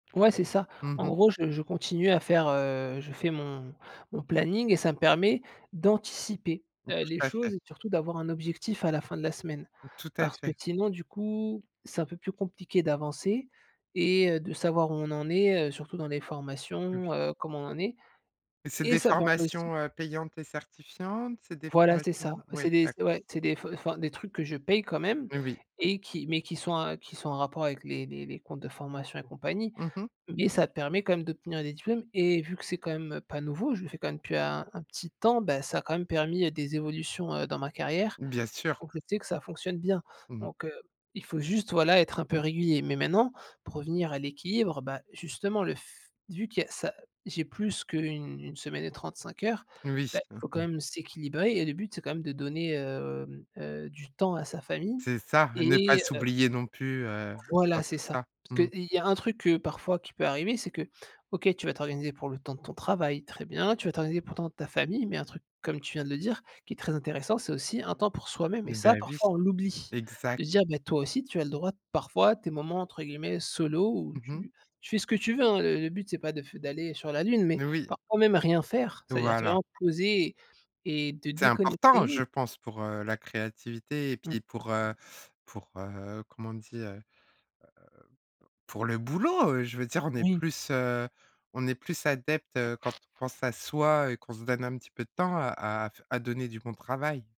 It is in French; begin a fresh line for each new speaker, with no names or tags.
Ouais c'est ça.
Mmh
En
mh.
gros je je continue à faire heu, je fais mon mon planning et ça me permet d'anticiper,
Mmh
heu,
tout
les
à fait.
choses et surtout d'avoir un objectif à la fin de la semaine.
Tout à
Parce que
fait.
sinon du coup c'est un peu plus compliqué d'avancer et heu, de savoir où on en est, heu, surtout dans les formations,
Oui.
heu, comment on en est
Et c'est
et
des
ça permet aussi
formations, heu, payantes et certifiantes? C'est des
Voilà c'est ça,
formations ouais
c'est des
d'acc
c'est ouais, c'est des fe enfin des trucs que je paye quand même
Heu oui.
et qui mais qui sont, heu, qui sont en rapport avec les les les comptes de formation et compagnie.
Mmh mh.
Mais ça permet quand même d'obtenir des diplômes et vu que c'est quand même pas nouveau, je le fais quand même depuis un un petit temps, bah ça a quand même permis, heu, des évolutions, heu, dans ma carrière.
Bien sûr.
Donc je sais que ça fonctionne bien.
Mmh.
Donc, heu, il faut juste, voilà, être un peu régulier. Mais maintenant, pour revenir à l'équilibre, bah justement le f vu que il y a ça j'ai plus qu'une une semaine et 35 heures,
Oui.
bah il
Mmh
faut quand
mh.
même s'équilibrer et le but c'est quand même de donner, hem, heu, du temps à sa famille
C'est ça, ne pas
et heu
s'oublier non plus, heu, dans
Voilà
tout
c'est ça.
ça.
Parce que,
Mmh.
heu et i il y a un truc que parfois qui peut arriver c'est que OK tu vas t'organiser pour le temps de ton travail, très bien. Tu vas t'organiser pour le temps de ta famille mais un truc comme tu viens de le dire qui est très intéressant ,c'est aussi un temps pour soi-même et
Bah
ça
oui,
parfois on l'oublie.
exa
De dire: «Bah toi aussi tu as le droit parfois à tes moments entre guillemets «solo» où
Mmh mh.
tu tu fais ce que tu veux» hein, le le but c'est pas de f d'aller sur la lune mais
Oui.
parfois même rien faire, c'est-à-dire te,
Voilà.
vraiment, poser et et te
C'est important
déconnecter.
je pense pour, heu, la créativité et
Mmh.
puis pour, heu pour, heu, comment on dit? Heu, pour le boulot! Heu, je veux dire on est
Oui.
plus, heu, on est plus adepte, heu, quand ton pense à soi et qu'on se donne un petit peu de temps à à f à donner du bon travail.